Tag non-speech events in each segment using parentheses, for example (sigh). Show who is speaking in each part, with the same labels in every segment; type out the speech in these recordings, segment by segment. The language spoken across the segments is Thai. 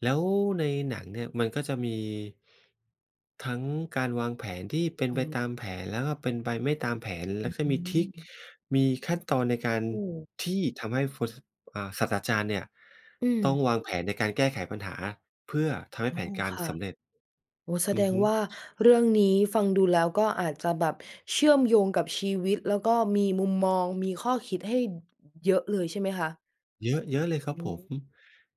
Speaker 1: แล้วในหนังเนี่ยมันก็จะมี ทั้งการวางแผนที่เป็
Speaker 2: อ
Speaker 1: นไป
Speaker 2: ืม
Speaker 1: ตามแผน แล้วก็เป็นไปไม่ตามแผน แ
Speaker 2: อ
Speaker 1: ล้วก็มีทริก
Speaker 2: ืม
Speaker 1: มีขั้นตอนในการ
Speaker 2: โอ้
Speaker 1: ที่ทำให้ ฟ ซ อ่า ศาสตราจารย์เนี่ย
Speaker 2: อื
Speaker 1: ต้อง
Speaker 2: ม
Speaker 1: วางแผนในการแก้ไขปัญหาเพื่อทำให้
Speaker 2: อ๋
Speaker 1: แ
Speaker 2: อ
Speaker 1: ผนการ
Speaker 2: ค่
Speaker 1: ส
Speaker 2: ะ
Speaker 1: ำเร็จ
Speaker 2: โอ้ แส
Speaker 1: อื
Speaker 2: ด
Speaker 1: อฮ
Speaker 2: ง
Speaker 1: ึ
Speaker 2: ว่าเรื่องนี้ฟังดูแล้วก็อาจจะแบบเชื่อมโยงกับชีวิต แล้วก็มีมุมมอง มีข้อคิดให้ อ เยอะเลย ใช่ไหมคะ?
Speaker 1: เยอะ เยอะเลยครั
Speaker 2: อ
Speaker 1: บ
Speaker 2: ื
Speaker 1: ผ
Speaker 2: ม
Speaker 1: ม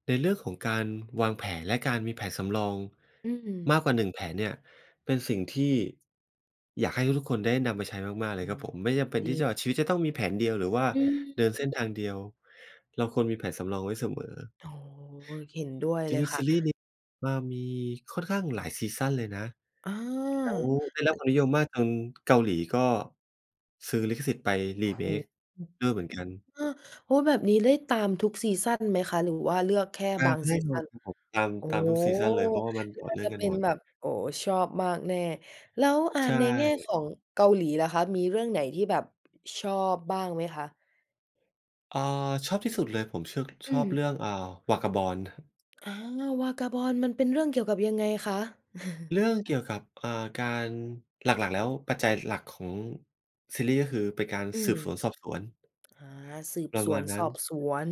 Speaker 1: ในเรื่องของการวางแผน และการมีแผนสำรอง
Speaker 2: อื
Speaker 1: ม
Speaker 2: ม
Speaker 1: ากกว่า 1 แผนเนี่ย เป็นสิ่งที่ อยากให้ทุก ๆ คนได้นำไปใช้มาก ๆ เล
Speaker 2: อื
Speaker 1: ยครั
Speaker 2: ม
Speaker 1: บผ
Speaker 2: พ
Speaker 1: ม
Speaker 2: อ
Speaker 1: ไม่จ
Speaker 2: ด
Speaker 1: ำที่
Speaker 2: ี
Speaker 1: จะ ชีวิตจะต้องมีแผนเดียว หรือว่า
Speaker 2: อื
Speaker 1: เดินเส
Speaker 2: ม
Speaker 1: ้นทางเดียว เราควรมีแผนสำรองไว้เสมอ
Speaker 2: อ๋อ เห็นด้วย
Speaker 1: จ
Speaker 2: เลย
Speaker 1: ริง
Speaker 2: ค
Speaker 1: ๆ
Speaker 2: ่
Speaker 1: ซี
Speaker 2: ะ
Speaker 1: รีส์นี้ มา มีค่อนข้างหลายซีซันเลยนะ
Speaker 2: อา
Speaker 1: แล้วได้รับ
Speaker 2: อ
Speaker 1: ความนิยมมากจนเกาหลีก็ซื้อลิขสิทธิ์ไป
Speaker 2: โอ้โฮ
Speaker 1: remake ด้วยเหมือนกัน
Speaker 2: อา โอ้ แบบนี้ได้ตามทุกซีซันไหมคะ หรือว่าเลือกแค่
Speaker 1: ต
Speaker 2: บ
Speaker 1: า
Speaker 2: า
Speaker 1: ม
Speaker 2: ง
Speaker 1: แน
Speaker 2: ซ
Speaker 1: ่
Speaker 2: ี
Speaker 1: น
Speaker 2: ซ
Speaker 1: อ
Speaker 2: ั
Speaker 1: น
Speaker 2: น?
Speaker 1: ครับผม ตาม
Speaker 2: โอ้
Speaker 1: ตามทุกซีซันเลย เพราะว่ามันต
Speaker 2: น
Speaker 1: ่อ
Speaker 2: ่
Speaker 1: เ
Speaker 2: า
Speaker 1: นื่อ
Speaker 2: จะ
Speaker 1: งกั
Speaker 2: เป
Speaker 1: น
Speaker 2: ็
Speaker 1: หม
Speaker 2: น
Speaker 1: ด
Speaker 2: แบบ โอ้ ชอบมากแน่ แล้ว อ่า
Speaker 1: ใช
Speaker 2: ในแง่
Speaker 1: ่
Speaker 2: ของเกาหลีล่ะคะ มีเรื่องไหนที่แบบ ชอบบ้างไหมคะ?
Speaker 1: อา ชอบที่สุดเลย ผมชึก
Speaker 2: อ
Speaker 1: ช
Speaker 2: ื
Speaker 1: อบเรื
Speaker 2: ม
Speaker 1: ่อง อ่า Vagabond
Speaker 2: อา Vagabond มันเป็นเรื่องเกี่ยวกับยังไงคะ? (laughs)
Speaker 1: เรื่องเกี่ยวกับ อ่า การ หลัก ๆ แล้ว ปัจจัยหลักของซีรี่ส์ ก็คือเป็นการ
Speaker 2: อื
Speaker 1: ส
Speaker 2: ม
Speaker 1: ืบสวนสอบสวน
Speaker 2: อา สืบ
Speaker 1: ปร
Speaker 2: ส
Speaker 1: ะม
Speaker 2: ว
Speaker 1: า
Speaker 2: น
Speaker 1: ณน
Speaker 2: ส
Speaker 1: ั้
Speaker 2: อบ
Speaker 1: น
Speaker 2: สวน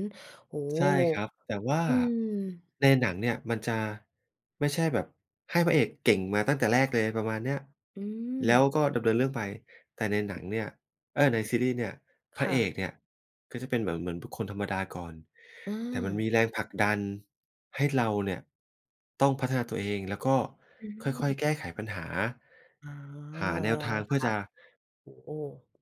Speaker 2: โอ้โฮ!
Speaker 1: ใช่ครับ แต่ว่า
Speaker 2: อืม
Speaker 1: ในหนังเนี่ยมันจะไม่ใช่แบบให้พระเอกเก่งมาตั้งแต่แรกเลย ประมาณเนี้ย
Speaker 2: อื
Speaker 1: แล้ว
Speaker 2: ม
Speaker 1: ก็ดำเนินเรื่องไป แต่ในหนังเนี่ย เออ ในซีรีย์เนี่ย พ
Speaker 2: ค
Speaker 1: ระ
Speaker 2: ่
Speaker 1: เอ
Speaker 2: ะ
Speaker 1: กเนี่ยก็จะเป็นเหมือน เหมือนบุคคลธรรมดาก่อน
Speaker 2: อ
Speaker 1: แต่มัน
Speaker 2: า
Speaker 1: มีแรงผลักดันให้เราเนี่ยต้องพัฒนาตัวเอง แล้วก็
Speaker 2: อ
Speaker 1: ค่อย
Speaker 2: ืม
Speaker 1: ๆ แก้ไขปัญหา
Speaker 2: อ๋อ
Speaker 1: หาแนวทางเพ
Speaker 2: ค
Speaker 1: ื่อ
Speaker 2: ่
Speaker 1: จ
Speaker 2: ะ
Speaker 1: ะ
Speaker 2: โอ้โฮ